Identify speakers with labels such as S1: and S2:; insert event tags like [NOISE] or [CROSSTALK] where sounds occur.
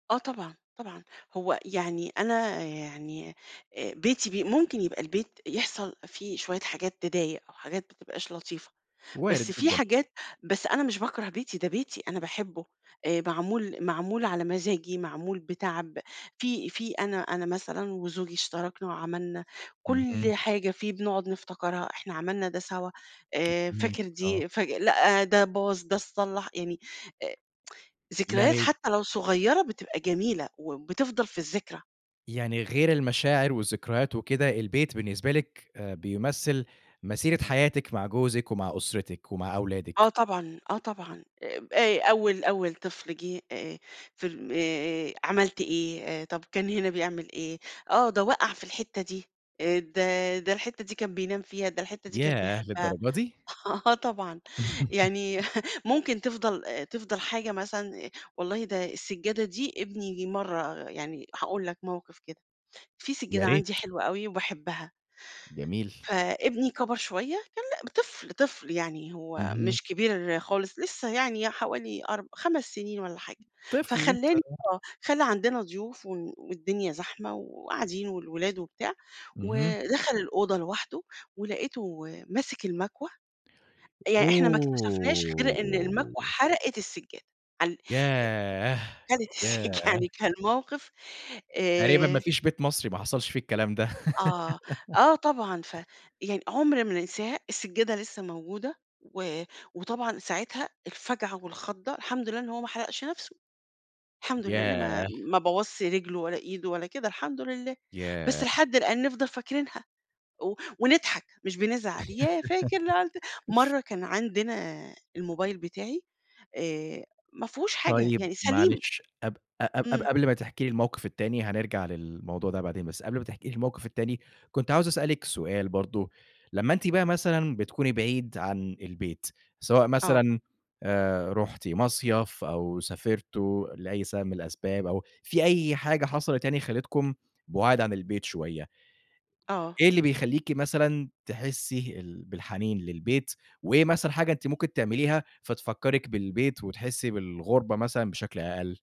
S1: آه، طبعًا، طبعًا، هو يعني أنا يعني، آآ بيتي ب ممكن يبقى البيت يحصل فيه شوية حاجات تضايق أو حاجات ما تبقاش لطيفة، بس
S2: وارد
S1: في
S2: جدًا.
S1: حاجات بس أنا مش باكره بيتي، ده بيتي، أنا باحبه، آآ معمول معمول على مزاجي، معمول بتعب، في في أنا أنا مثلًا وزوجي اشتركنا وعملنا
S2: اهم.
S1: كل حاجة فيه، بنقعد نفتكرها، إحنا عملنا ده سوا، آآ فاكر
S2: فهمتِك، آه.
S1: دي؟ فاك لأ، ده باظ، ده اتصلَّح يعني، آآ [TSK] ذكريات
S2: يعني
S1: حتى لو صغيرة، بتبقى جميلة وبتفضل في الذكرى.
S2: يعني غير المشاعر والذكريات وكده، البيت بالنسبة لِك آآ، بيمثل مسيرة حياتِك مع جوزك ومع أسرتِك ومع
S1: آه،
S2: أولادِك.
S1: طبعًا، آه طبعًا، آب آآ أول أول طفل جِه آآ، في ال آآ عملت إيه، طب كان هنا بيعمل إيه، آه، ده وقَع في الحتّة دي، آآ ده ده الحتّة دي كان بينام فيها، ده الحتّة دي كان
S2: ياه
S1: بيحبها،
S2: للدرجة دي!
S1: آه طبعًا، يعني
S2: [LAUGHS]
S1: ممكن تفضَل تفضَل حاجة مثلًا، والله ده السجادة دي ابني مرة يعني هاقول لَك موقف كده، في
S2: يا
S1: سجادة
S2: ريت.
S1: عندي حلوة أوي وباحبها
S2: جميل.
S1: فإبني كبر شوية، كان ل طفل، طفل يعني، هو
S2: اهم.
S1: مش كبير خالص، لسه يعني حوالي أرب خمس سنين والّا حاجة،
S2: طفل لسه،
S1: فخلّاني
S2: آه.
S1: آه، خلّى عندنا ضيوف ون والدنيا زحمة وقاعدين والولاد وبتاع،
S2: اهم.
S1: ودخل الأوضة لوحده، ولقيته ماسك المكوة يعني إحنا ما اكتشفناش غير إن المكوى
S2: اوه!
S1: حرقت السجادة، عال أ-أ
S2: ياه،
S1: خدت
S2: ياه!
S1: السج يعني، كان موقف
S2: تقريبًا ما
S1: آآ.
S2: فيش بيت مصري ما حصلش فيه الكلام ده.
S1: آه،
S2: [LAUGHS]
S1: آه طبعًا، فيعني عُمْر ما ننساها، السجادة لسّه موجودة و وطبعًا ساعتها الفجعة والخضَّة، الحمد لله إن هو ما حرقش نفسه، الحمد لله، أنا ما
S2: ياه!
S1: ما بوظش رجله ولا إيده ولا كده، الحمد لله، بس
S2: ياه!
S1: لحد الآن نفضل فاكرينها و ونضحك، مش بنزعل، ياه، فاكر لمّا عملت
S2: [LAUGHS]
S1: مرة كان عندنا الموبايل بتاعي، آآ ما فيهوش حاجة
S2: طيب
S1: يعني، سليم.
S2: معلش، قب ق قب قب
S1: إمم.
S2: قبل ما تحكي لي الموقف التاني، هنرجع للموضوع ده بعدين، بس قبل ما تحكي لي الموقف التاني، كنت عاوز أسأل لِك سؤال برضه، لما أنتِ بقى مثلًا بتكوني بعيد عن البيت، سواء
S1: آه.
S2: مثلًا آآ رُحتِ مصيف أو سافرتوا لأي سبب من الأسباب، أو في أي حاجة حصلت يعني خلِّتكم بُعاد عن البيت شوية
S1: آه.
S2: إيه اللي بيخليكِ مثلًا تحسّي ال بالحنين للبيت، وإيه مثلًا حاجة أنتِ ممكن تعمليها فتفكرِك بالبيت، وتحسي بالغربة مثلًا بشكل أقل؟